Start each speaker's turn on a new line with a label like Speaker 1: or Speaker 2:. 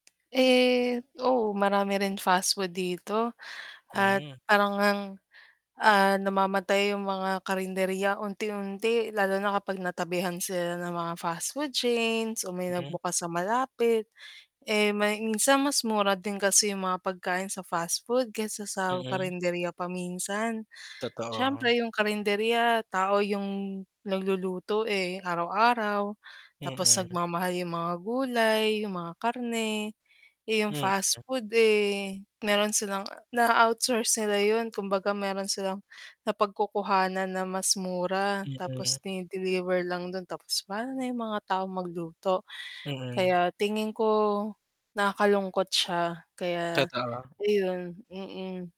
Speaker 1: Eh, oo marami rin fast food dito. At
Speaker 2: Hmm.
Speaker 1: parang ngang, ah, namamatay yung mga karenderya unti-unti, lalo na kapag natabihan sila ng mga fast food chains o may
Speaker 2: Hmm.
Speaker 1: nagbukas sa malapit. Eh, may minsan mas mura din kasi yung mga pagkain sa fast food kaysa sa
Speaker 2: Mm.
Speaker 1: karenderya pa minsan.
Speaker 2: Totoo.
Speaker 1: Siyempre yung karenderya, tao yung nagluluto eh, araw-araw. Tapos
Speaker 2: Mm.
Speaker 1: nagmamahal yung mga gulay, yung mga karne. Eh, yung fast
Speaker 2: Mm.
Speaker 1: food eh, meron silang naa-outsource nila yun kumbaga meron silang napagkukuhanan na mas mura, tapos
Speaker 2: Hmm.
Speaker 1: dine-deliver lang dun tapos pano na yung mga taong magluto.
Speaker 2: Mm.
Speaker 1: Kaya tingin ko, nakakalungkot siya, kaya
Speaker 2: Totoo.
Speaker 1: ayun, mm.